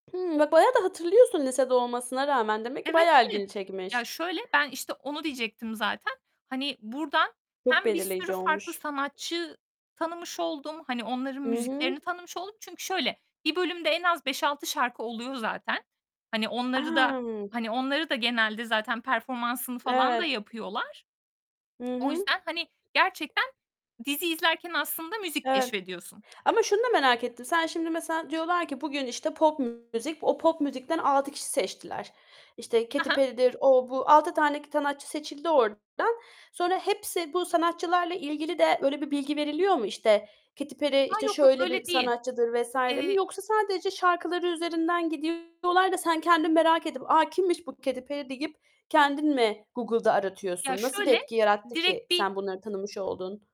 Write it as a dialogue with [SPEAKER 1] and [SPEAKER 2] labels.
[SPEAKER 1] Hımm, ba bayağı da hatırlıyorsun lisede olmasına rağmen. Demek ki
[SPEAKER 2] Evet,
[SPEAKER 1] bayağı
[SPEAKER 2] evet.
[SPEAKER 1] ilgini
[SPEAKER 2] Ya,
[SPEAKER 1] çekmiş.
[SPEAKER 2] şöyle: Ben işte onu diyecektim zaten. Hani buradan
[SPEAKER 1] Çok
[SPEAKER 2] hem bir sürü
[SPEAKER 1] belirleyici
[SPEAKER 2] farklı
[SPEAKER 1] olmuş.
[SPEAKER 2] sanatçı tanımış oldum. Hani onların
[SPEAKER 1] Hı hı.
[SPEAKER 2] müziklerini tanımış oldum. Çünkü şöyle: Bir bölümde en az 5-6 şarkı oluyor zaten. Hani onları da
[SPEAKER 1] A!
[SPEAKER 2] hani onları da genelde zaten performansını falan da
[SPEAKER 1] Evet.
[SPEAKER 2] yapıyorlar.
[SPEAKER 1] Hı
[SPEAKER 2] O
[SPEAKER 1] hı.
[SPEAKER 2] yüzdeni, hani, gerçekten diziyi izlerken aslında müzik
[SPEAKER 1] Evet
[SPEAKER 2] keşfediyorsun.
[SPEAKER 1] ama şunu da merak ettim: Sen şimdi mesela diyorlar ki "Bugün, işte, pop müzik" o pop müzikten 6 kişi seçtiler. İşte
[SPEAKER 2] He
[SPEAKER 1] Katy
[SPEAKER 2] he.
[SPEAKER 1] Perry'dir, o bu. 6 tane sanatçı seçildi oradan. Sonra hepsi bu sanatçılarla ilgili de öyle bir bilgi veriliyor mu? İşte, "Katy Perry,
[SPEAKER 2] A,
[SPEAKER 1] işte,
[SPEAKER 2] yok yok,
[SPEAKER 1] şöyle bir
[SPEAKER 2] öyle değil.
[SPEAKER 1] sanatçıdır." vs. mi
[SPEAKER 2] Eee
[SPEAKER 1] yoksa sadece şarkıları üzerinden gidiyorlar da sen kendin merak edip "A, kimmiş bu Katy Perry?" deyip kendin mi Google'da
[SPEAKER 2] Ya,
[SPEAKER 1] aratıyorsun? Nasıl bir
[SPEAKER 2] şöyle,
[SPEAKER 1] etki yarattı ki
[SPEAKER 2] direkt bir
[SPEAKER 1] sen bunları tanımış oldun?